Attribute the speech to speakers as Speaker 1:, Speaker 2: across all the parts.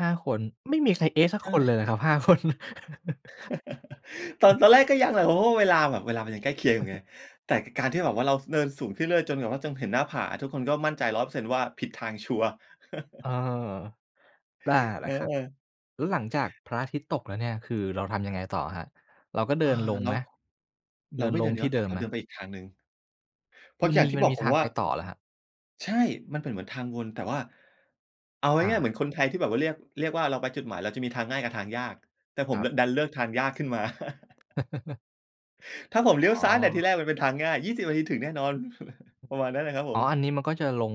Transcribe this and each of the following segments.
Speaker 1: 5 คน ไม่มีใคร เอ๊ะ! สัก
Speaker 2: ใช
Speaker 1: คนเ
Speaker 2: ่
Speaker 1: ลยเหรอครับ 5 คน?
Speaker 2: ตอน ตอนแรกก็ยังแหละ เพราะว่าเวลาแบบ เวลามันยังใกล้เคียง
Speaker 1: อ
Speaker 2: อ
Speaker 1: ื
Speaker 2: ยู
Speaker 1: อ
Speaker 2: ่ไ
Speaker 1: ฮึ
Speaker 2: ง แต่คือการที่แบบว่าเราเดินสูงขึ้นเรื่อยจนแบบว่า จนเห็นหน้าผา ทุกคนก็มั่นใจ 100% ว่าผิดทางชัวร์
Speaker 1: เอ่อ แต่ เห
Speaker 2: เ
Speaker 1: ร
Speaker 2: อ
Speaker 1: อ
Speaker 2: อ
Speaker 1: ครับ?
Speaker 2: ๆ
Speaker 1: แล้วหลังจากพระอาทิตย์ตกแล้วเนี่ย คือเราทำยังไงต่ออะครับ? เราก็เ
Speaker 2: อ
Speaker 1: ด
Speaker 2: า
Speaker 1: ินลง
Speaker 2: แล
Speaker 1: ไ
Speaker 2: ้
Speaker 1: หม
Speaker 2: ว
Speaker 1: เ
Speaker 2: เ
Speaker 1: ด
Speaker 2: รา
Speaker 1: ิน
Speaker 2: ไม่
Speaker 1: ล
Speaker 2: เดิ
Speaker 1: ง
Speaker 2: น
Speaker 1: ท
Speaker 2: ย้
Speaker 1: ี
Speaker 2: อ
Speaker 1: ่
Speaker 2: น
Speaker 1: เ
Speaker 2: ก
Speaker 1: ด
Speaker 2: ลั
Speaker 1: ิ
Speaker 2: บ
Speaker 1: ม
Speaker 2: เรา
Speaker 1: ไหม?
Speaker 2: เดินไปอีกทางหนึ่ง เพรา
Speaker 1: ม
Speaker 2: ะ
Speaker 1: ัน
Speaker 2: จา
Speaker 1: ม
Speaker 2: ก
Speaker 1: ี
Speaker 2: ที่
Speaker 1: มัน
Speaker 2: บอ
Speaker 1: ม
Speaker 2: ก
Speaker 1: ี
Speaker 2: ผ
Speaker 1: ท
Speaker 2: ม
Speaker 1: าง
Speaker 2: ว่
Speaker 1: ไ
Speaker 2: า
Speaker 1: ปต่อเหรอครับ?
Speaker 2: ใช่ มันเป็นเหมือนทางวน แต่ว่า เอาง
Speaker 1: อ
Speaker 2: ่าย ๆ
Speaker 1: า
Speaker 2: เหมือนคนไทยที่แบบว่า เรียก เรียกว่าเราไปจุดหมาย เราจะมีทางง่ายกับทางยาก แต่ผ
Speaker 1: ค
Speaker 2: ม
Speaker 1: ร
Speaker 2: เ
Speaker 1: ั
Speaker 2: ลื
Speaker 1: บ
Speaker 2: อก ดันเลือกทางยากขึ้นมา ถ้าผม
Speaker 1: อ
Speaker 2: เลี้ยว
Speaker 1: ๋
Speaker 2: ซ
Speaker 1: อ
Speaker 2: ้ายตั้งแต่ทีแรกมันเป็นทางง่าย 20 นาทีถึงแน่นอน ประมาณนั้นเลยครับผ
Speaker 1: อ๋อ อ
Speaker 2: ม
Speaker 1: ันนี้มันก็จะลง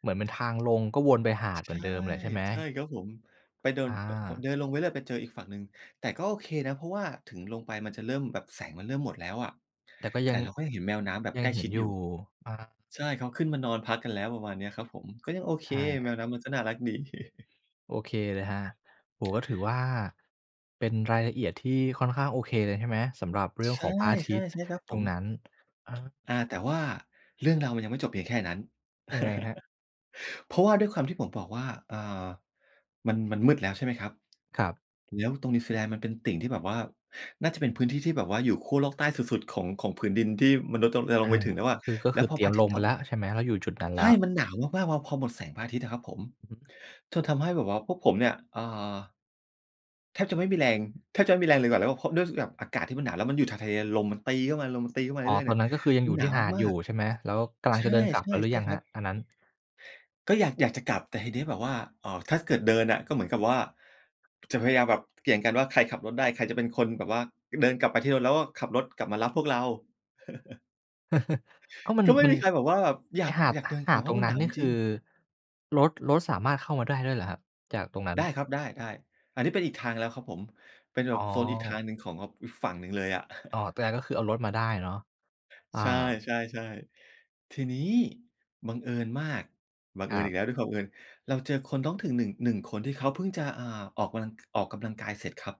Speaker 1: เหมือนเป็นทางลงก็วนไปหาด
Speaker 2: ช
Speaker 1: เห
Speaker 2: ใ
Speaker 1: ม
Speaker 2: ช
Speaker 1: ือ
Speaker 2: ่
Speaker 1: นเดิมแหละใช่ไหม?
Speaker 2: ใช่ครับผม ไปเดิน
Speaker 1: อ
Speaker 2: ป ผม
Speaker 1: า
Speaker 2: จะเดินลงไปเรื่อยไปเจออีกฝั่งหนึ่ง แต่ก็โอเคนะ เพราะว่าถึงลงไปมันจะเริ่ม แบบแสงมันเริ่มหมดแล้วอะ
Speaker 1: แต่ก็
Speaker 2: แต
Speaker 1: ย
Speaker 2: ่
Speaker 1: ัง
Speaker 2: เราก็ยังเห็นแมวน้ำแบบ
Speaker 1: ย
Speaker 2: ใ
Speaker 1: ั
Speaker 2: ก
Speaker 1: ง
Speaker 2: ล้
Speaker 1: เห
Speaker 2: ช
Speaker 1: ็
Speaker 2: ิ
Speaker 1: น
Speaker 2: ด
Speaker 1: อย
Speaker 2: อ
Speaker 1: ู
Speaker 2: ยู
Speaker 1: ่
Speaker 2: ่
Speaker 1: อา
Speaker 2: ใช่ เขาขึ้นมานอนพักกันแล้ว ประมาณเนี้ยครับผม ก็ยังโอเค
Speaker 1: ใช
Speaker 2: แม
Speaker 1: ่
Speaker 2: วน้ำมันก็น่ารักดี
Speaker 1: โอเคเลยครับ โอ้โฮ ก็ถือว่า เป็นรายละเอียดที่ค่อนข้างโอเคเลยใช่ไหม? สำหรับเรื่
Speaker 2: ช
Speaker 1: อง
Speaker 2: ใช
Speaker 1: ข
Speaker 2: ่
Speaker 1: องพระอาท
Speaker 2: ๆ
Speaker 1: ิตย์
Speaker 2: ใช่ครับ
Speaker 1: ต
Speaker 2: ผ
Speaker 1: ร
Speaker 2: ม
Speaker 1: งนั้น เออ
Speaker 2: อา แต่ว่าเรื่องราวมันยังไม่จบเพียงแค่นั้น
Speaker 1: ยังไงครับ?
Speaker 2: เพราะว่าด้วยความที่ผมบอกว่า อ่า มัน มันมืดแล้ว ใช่ไหมครับ
Speaker 1: ครับ
Speaker 2: แล้วตรงนิวซีแลนด์มันเป็นติ่งที่แบบว่า น่าจะเป็นพื้นที่ที่แบบว่าอยู่ขั้วโลกใต้สุด ๆ ของ ของผืนดินที่มนุษย์ตรง จะล
Speaker 1: อ
Speaker 2: งไ
Speaker 1: า
Speaker 2: ปถึงแล้วอะ
Speaker 1: คือ ก็
Speaker 2: แล
Speaker 1: ค
Speaker 2: ้ว
Speaker 1: ือ
Speaker 2: พอ
Speaker 1: เตร
Speaker 2: พ
Speaker 1: ี
Speaker 2: ร
Speaker 1: ย
Speaker 2: ะ
Speaker 1: ม
Speaker 2: อาท
Speaker 1: ล
Speaker 2: ิตย
Speaker 1: ง
Speaker 2: ์
Speaker 1: ไ
Speaker 2: ต
Speaker 1: ป
Speaker 2: ก
Speaker 1: แล้วใช่ไหม? เราอยู่จุดนั้น
Speaker 2: ใ
Speaker 1: แ
Speaker 2: ช
Speaker 1: ล้
Speaker 2: ่
Speaker 1: ว
Speaker 2: มันหนาวมาก ๆ พอ พอหมดแสงพระอาทิตย์อะครับผม
Speaker 1: อือฮึ
Speaker 2: จนทำให้แบบว่าพวกผมเนี่ย เอ่อ แทบจะไม่มีแรง แทบจะไม่มีแรงเลยกว่า แล้วก็เพราะด้วยที่แบบอากาศที่มันหนาว แล้วมันอยู่ชายทะเลอะ ลมมันตีเข้ามา ลมมันตีเข้ามา
Speaker 1: อ๋อ
Speaker 2: เรื่อย ๆ
Speaker 1: ต
Speaker 2: เน
Speaker 1: อ
Speaker 2: ี่
Speaker 1: น
Speaker 2: ย
Speaker 1: นั้นก็คือยัง
Speaker 2: มั
Speaker 1: อย
Speaker 2: น
Speaker 1: ู่
Speaker 2: หน
Speaker 1: ที
Speaker 2: า
Speaker 1: ่
Speaker 2: ว
Speaker 1: หาด
Speaker 2: ม
Speaker 1: อ
Speaker 2: า
Speaker 1: ยู่
Speaker 2: ก
Speaker 1: ใช่ไหม แล้วกำล
Speaker 2: ๆ
Speaker 1: ั
Speaker 2: ใ
Speaker 1: ง
Speaker 2: ช
Speaker 1: จ
Speaker 2: ่
Speaker 1: ะเดินกลั
Speaker 2: ๆ
Speaker 1: บกันหรื
Speaker 2: ใช
Speaker 1: อ
Speaker 2: ่
Speaker 1: ยัง
Speaker 2: ค
Speaker 1: คร
Speaker 2: รั
Speaker 1: ับ
Speaker 2: บ
Speaker 1: อันนั้น?
Speaker 2: ก็อยาก อยากจะกลับ แต่ทีเนี้ยแบบว่า เอ่อ ถ้าเกิดเดินน่ะก็เหมือนกับว่า จะพยายามแบบเกี่ยงกันว่าใครขับรถได้ ใครจะเป็นคนแบบว่าเดินกลับไปที่รถ แล้วก็ขับรถกลับมารับพวกเรา
Speaker 1: ก็มัน
Speaker 2: ก็ไม่
Speaker 1: มัน
Speaker 2: มีใครแบบว่าแบบอย
Speaker 1: ไอ
Speaker 2: า
Speaker 1: ้
Speaker 2: ก
Speaker 1: หาด
Speaker 2: อยากเดิน
Speaker 1: หา
Speaker 2: น
Speaker 1: ด
Speaker 2: ่ะ เพ
Speaker 1: ต
Speaker 2: ร
Speaker 1: ร
Speaker 2: าะ
Speaker 1: ง
Speaker 2: มั
Speaker 1: น
Speaker 2: น
Speaker 1: ั้
Speaker 2: หน
Speaker 1: น
Speaker 2: าว
Speaker 1: นี่
Speaker 2: จ
Speaker 1: ค
Speaker 2: ริ
Speaker 1: ื
Speaker 2: ง
Speaker 1: อ
Speaker 2: ๆ
Speaker 1: รถ รถสามารถเข้ามาได้ด้วยเหรอครับ จากตรงนั้
Speaker 2: ไ
Speaker 1: น?
Speaker 2: ด้ครับ ได้ ๆ อันนี้เป็นอีกทางแล้วครับผม เป็นแบ
Speaker 1: อ๋
Speaker 2: บ
Speaker 1: อ
Speaker 2: โซนอีกทางหนึ่งของงับอีกฝั่งหนึ่งเลยอะ
Speaker 1: อ๋อ แต่ก็คือเอารถมาได้อะเนาะ อา
Speaker 2: ใช่ ๆ ๆ ทีนี้บังเอิญมาก บัง
Speaker 1: ค
Speaker 2: เอิ
Speaker 1: ร
Speaker 2: ญ
Speaker 1: ั
Speaker 2: อ
Speaker 1: บ
Speaker 2: ีกแล้วด้วยความบังเอิญ เราเจอคนท้องถิ่น 1- 1 คน ที่เขาเพิ่งจะ อ่า ออกกำลัง ก ออกกำลังกายเสร็จครับ